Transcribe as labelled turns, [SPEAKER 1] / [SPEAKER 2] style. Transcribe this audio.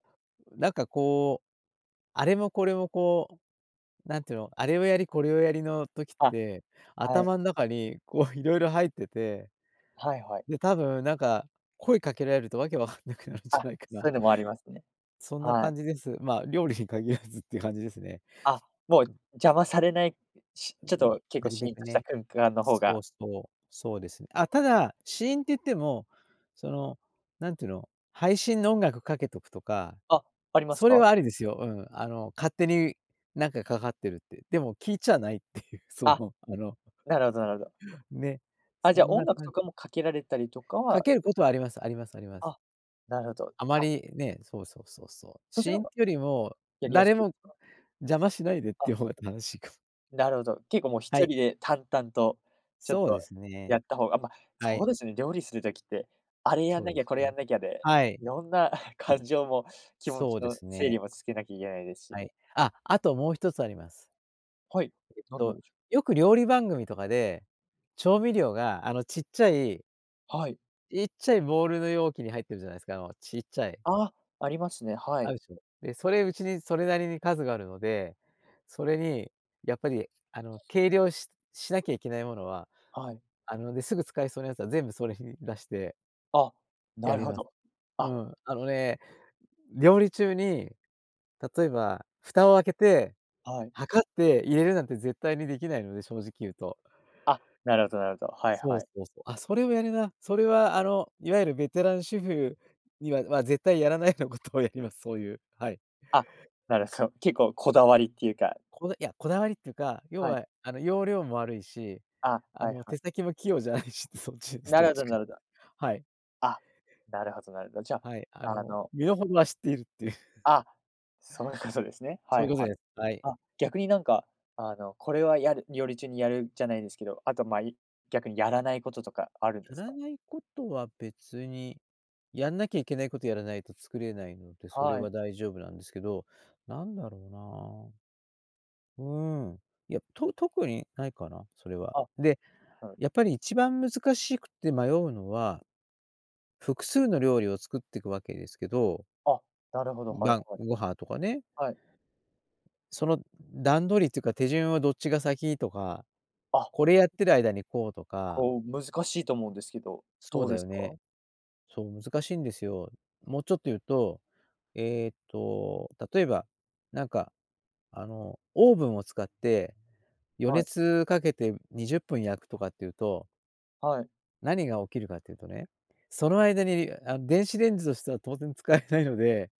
[SPEAKER 1] なんか、こう、あれもこれも、こう、なんていうの、あれをやり、これをやりの時っ
[SPEAKER 2] あ、
[SPEAKER 1] て、
[SPEAKER 2] はい。
[SPEAKER 1] 頭ん中に、こう、色々入ってて、
[SPEAKER 2] はいはい。
[SPEAKER 1] で、多分、なんか、声かけられるとわけわかんなくなるんじ
[SPEAKER 2] あ、
[SPEAKER 1] ゃないか
[SPEAKER 2] そう
[SPEAKER 1] な。
[SPEAKER 2] いうのもありますね。
[SPEAKER 1] そんな
[SPEAKER 2] はい。
[SPEAKER 1] 感じです。まあ、料理に限らずって感じですね。
[SPEAKER 2] あ、もう
[SPEAKER 1] うん。
[SPEAKER 2] 邪魔されない。し
[SPEAKER 1] う
[SPEAKER 2] ちょっ
[SPEAKER 1] んうん、
[SPEAKER 2] と結
[SPEAKER 1] な
[SPEAKER 2] 構
[SPEAKER 1] る
[SPEAKER 2] シ
[SPEAKER 1] べ
[SPEAKER 2] ーン
[SPEAKER 1] く
[SPEAKER 2] とした
[SPEAKER 1] ね、
[SPEAKER 2] 空間の方
[SPEAKER 1] スポー
[SPEAKER 2] が。
[SPEAKER 1] ツとそうですね。あ、ただ、シーンっていっても、その、なんてゆうの、配信の音楽かけとくとか、
[SPEAKER 2] あ、あります
[SPEAKER 1] それ
[SPEAKER 2] か？
[SPEAKER 1] はありですよ、うん、あの、勝手になんかかかってるって。でも聞いちゃないっていう、そ
[SPEAKER 2] あ、
[SPEAKER 1] の、あの、
[SPEAKER 2] なるほどなるほど。
[SPEAKER 1] ね、
[SPEAKER 2] あ、じ
[SPEAKER 1] そ
[SPEAKER 2] ゃ
[SPEAKER 1] ん
[SPEAKER 2] 音
[SPEAKER 1] な
[SPEAKER 2] 楽
[SPEAKER 1] 感
[SPEAKER 2] とかもかけられたりとか
[SPEAKER 1] か
[SPEAKER 2] は。
[SPEAKER 1] けることは、ありますありますあります。
[SPEAKER 2] あ、なるほど。
[SPEAKER 1] あま
[SPEAKER 2] あ。
[SPEAKER 1] りね、そうそうそうそう。
[SPEAKER 2] そっち
[SPEAKER 1] シ
[SPEAKER 2] の
[SPEAKER 1] ー
[SPEAKER 2] 方
[SPEAKER 1] ン
[SPEAKER 2] が
[SPEAKER 1] てよりも、
[SPEAKER 2] やりやす
[SPEAKER 1] 誰
[SPEAKER 2] いで
[SPEAKER 1] も
[SPEAKER 2] すか。
[SPEAKER 1] 邪魔しないでって
[SPEAKER 2] あ。
[SPEAKER 1] いう方が正しいかも。
[SPEAKER 2] なるほど、結構もうひ
[SPEAKER 1] は
[SPEAKER 2] と
[SPEAKER 1] い。
[SPEAKER 2] りで淡々と、ちょっ
[SPEAKER 1] そう
[SPEAKER 2] と
[SPEAKER 1] ですね。
[SPEAKER 2] やった方が、あま、
[SPEAKER 1] は
[SPEAKER 2] そ
[SPEAKER 1] い。
[SPEAKER 2] うですね、料理する時って、あれやん
[SPEAKER 1] そう
[SPEAKER 2] な
[SPEAKER 1] で
[SPEAKER 2] きゃ、
[SPEAKER 1] す
[SPEAKER 2] これや
[SPEAKER 1] ね。
[SPEAKER 2] んなきゃで、
[SPEAKER 1] はい。
[SPEAKER 2] 色んな 感情も気持ち
[SPEAKER 1] そうで
[SPEAKER 2] の
[SPEAKER 1] す
[SPEAKER 2] 整
[SPEAKER 1] ね。
[SPEAKER 2] 理もつけなきゃいけないです
[SPEAKER 1] は
[SPEAKER 2] し。
[SPEAKER 1] い。あ、あともう1つあります。
[SPEAKER 2] はい、
[SPEAKER 1] えっ
[SPEAKER 2] 何なん
[SPEAKER 1] と、
[SPEAKER 2] でしょ。
[SPEAKER 1] よく料理番組とかで、調味料が、あの、ちっちゃい
[SPEAKER 2] はい。
[SPEAKER 1] ちっちゃいボールの容器に入ってるじゃないですか、あの、ちっちゃい。
[SPEAKER 2] あ、ありますね、は
[SPEAKER 1] あ
[SPEAKER 2] い。
[SPEAKER 1] るでしょ。で、それ、うちにそれなりに数があるので、それにやっぱり、あの、計量ししなきゃいけないものは、
[SPEAKER 2] はい。
[SPEAKER 1] あの、で、すぐ使えそうなやつは全部それに出して
[SPEAKER 2] あ、な
[SPEAKER 1] や
[SPEAKER 2] る
[SPEAKER 1] り
[SPEAKER 2] ほ
[SPEAKER 1] ます。
[SPEAKER 2] ど。
[SPEAKER 1] う
[SPEAKER 2] あ。
[SPEAKER 1] ん、あのね、料理中に、例えば蓋を開けて
[SPEAKER 2] はい。
[SPEAKER 1] 測って入れるなんて絶対にできないので、正直いうと。
[SPEAKER 2] あ、なるほどなるほど、はい
[SPEAKER 1] そう
[SPEAKER 2] は
[SPEAKER 1] そ
[SPEAKER 2] い。
[SPEAKER 1] うそう。あ、それをやるな。それは、あの、いわゆるベテラン主婦には、ま、絶対やらないようなことをやります。そういう、はい。
[SPEAKER 2] あ、なるほど。結構こだわりっていうか。
[SPEAKER 1] こだいや、こだわりっていうか、要
[SPEAKER 2] はい。
[SPEAKER 1] は、あの、要領も悪いし、
[SPEAKER 2] あ、
[SPEAKER 1] あ
[SPEAKER 2] はい
[SPEAKER 1] の、
[SPEAKER 2] は
[SPEAKER 1] 手
[SPEAKER 2] い。
[SPEAKER 1] 先も器用じゃないし、そっちです、
[SPEAKER 2] な
[SPEAKER 1] どっ
[SPEAKER 2] るほ
[SPEAKER 1] ち
[SPEAKER 2] ど
[SPEAKER 1] か。
[SPEAKER 2] なるほど。
[SPEAKER 1] はい。
[SPEAKER 2] あ、なるほどなるほど。じゃ
[SPEAKER 1] はい、あ
[SPEAKER 2] あ、あ
[SPEAKER 1] の、
[SPEAKER 2] の
[SPEAKER 1] 身の程は知っているっていう。
[SPEAKER 2] あ、そういうことですね。は
[SPEAKER 1] そう
[SPEAKER 2] い
[SPEAKER 1] いうこと
[SPEAKER 2] はい。
[SPEAKER 1] です。はい。
[SPEAKER 2] あ、逆になんかあのこれはやる料理中にやるじゃないですけど、あとまい逆にやらないこととかあるんで
[SPEAKER 1] や
[SPEAKER 2] す
[SPEAKER 1] ら
[SPEAKER 2] か？
[SPEAKER 1] ないことは別に、やんなきゃいけないことやらないと作れないので、それ
[SPEAKER 2] は
[SPEAKER 1] は
[SPEAKER 2] い。
[SPEAKER 1] 大丈夫なんですけど、なんだろうなあ。うーん、いや、と特にないかな、それは。
[SPEAKER 2] あ、
[SPEAKER 1] で、
[SPEAKER 2] なるほど。
[SPEAKER 1] やっぱり一番難しくて迷うのは、複数の料理を作ってくわけですけど。
[SPEAKER 2] あ、なるほど、はい
[SPEAKER 1] 晩
[SPEAKER 2] はい。
[SPEAKER 1] ご飯とかね。
[SPEAKER 2] はい。
[SPEAKER 1] その段取りっていうか、手順はどっちが先とか、
[SPEAKER 2] あ。
[SPEAKER 1] これやってる間にこうとか。
[SPEAKER 2] ほう、難しいと思うんですけど、
[SPEAKER 1] そう
[SPEAKER 2] どう
[SPEAKER 1] だ
[SPEAKER 2] です
[SPEAKER 1] よね。
[SPEAKER 2] か？
[SPEAKER 1] そう、難しいんですよ。もうちょっというと、ええと、例えば、なんか、あの、オーブンを使って予
[SPEAKER 2] はい。
[SPEAKER 1] 熱かけて20分焼くとかっていうと
[SPEAKER 2] はい。
[SPEAKER 1] 何が起きるかっていうとね、その間にりあの、電子レンジをしたら当然使えないので